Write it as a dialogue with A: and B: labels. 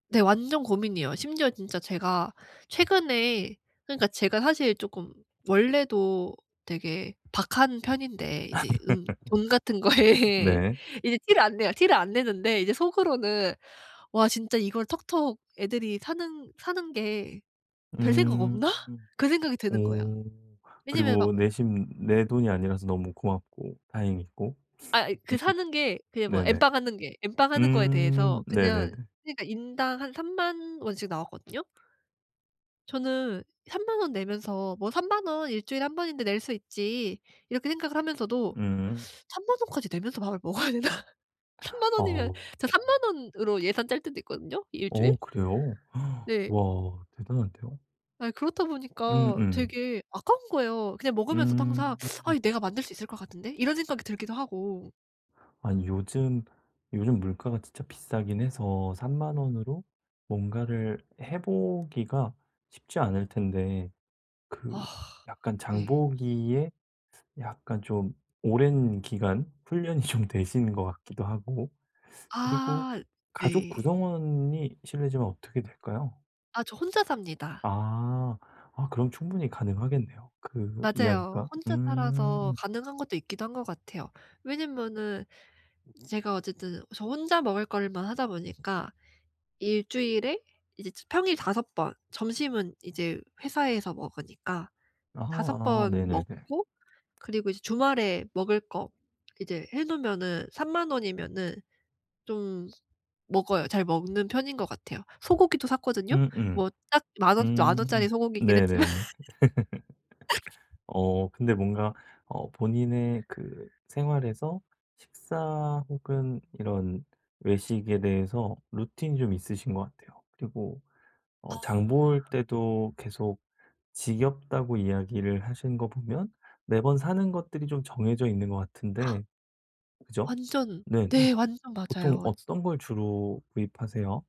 A: 네 완전 고민이에요. 심지어 진짜 제가 최근에 그러니까 제가 사실 쪼끔 원래도 되게 박한 편인데 이제 음 돈 같은 거에
B: 네.
A: 이제 티를 안 내요. 티를 안 내는데 이제 속으로는 '와 진짜 이걸 턱턱 애들이 사는 사는 게 별 생각
B: 음.
A: 없나?' 그 생각이 드는 거야.
B: 오.
A: 왜냐하면 막
B: 그리고
A: 오
B: 내심 내 돈이 아니라서 너무 고맙고 다행이고.
A: 아. 그 사는 게 그게 뭐
B: 네네.
A: N빵 하는 게 N빵 하는 거에
B: 음.
A: 대해서
B: 네네네.
A: 그냥 그니까 인당 한 30,000 원씩 나왔거든요? 저는 30,000 원 내면서 '뭐 30,000 원 1 주일에 1 번인데 낼 수 있지.' 이렇게 생각을 하면서도
B: 음.
A: '30,000 원까지 내면서 밥을 먹어야 되나?' 30,000
B: 아으
A: 원이면 저
B: 어.
A: 30,000 원으로 예산 짤 때도 있거든요 1 주일?
B: 어 그래요?
A: 네.
B: 와. 대단한데요?
A: 아 그렇다
B: 음.
A: 보니까
B: 음.
A: 되게 아까운 거예요. 그냥 먹으면서도 항상
B: 음.
A: '아 이 내가 만들 수 있을 것 같은데?' 이런 생각이 들기도 하고.
B: 아니 요즘, 요즘 물가가 진짜 비싸긴 해서 30,000 원으로 뭔가를 해 보기가 쉽지 않을 텐데 그
A: 아.
B: 약간
A: 네.
B: 장보기에 약간 좀 오랜 기간 훈련이 좀 되신 것 같기도 하고 그리고
A: 아.
B: 가족
A: 네.
B: 구성원이 실례지만 어떻게 될까요?
A: 아 저 혼자 삽니다.
B: 아. 아 그럼 충분히 가능하겠네요 그
A: 맞아요.
B: 이야기가.
A: 혼자 살아서
B: 음.
A: 가능한 것도 있기도 한 것 같아요. 왜냐면은 제가 어쨌든 저 혼자 먹을 것만 하다 보니까 1 주일에 이제 제 평일 5 번, 점심은 이제 회사에서 먹으니까 5
B: 아아.
A: 번
B: 네네네.
A: 먹고 그리고 이제 주말에 먹을 거 이제 해 놓으면은 30,000 원이면은 좀 먹어요. 잘 먹는 편인 것 같아요. 소고기도 샀거든요.
B: 음음.
A: 뭐 딱 10,000 원 10,000 원 짜리
B: 음.
A: 소고기긴 했지만.
B: 네네네. 어 근데 뭔가 어 본인의 그 생활에서 식사 혹은 이런 외식에 대해서 루틴이 좀 있으신 것 같아요. 그리고 어
A: 아.
B: 장 볼 때도 계속 지겹다고 이야기를 하시는 거 보면 매번 사는 것들이 좀 정해져 있는 것 같은데. 그죠?
A: 완전.
B: 네 네.
A: 네. 완전
B: 보통
A: 맞아요. 지
B: 어떤 걸 주로 구입하세요?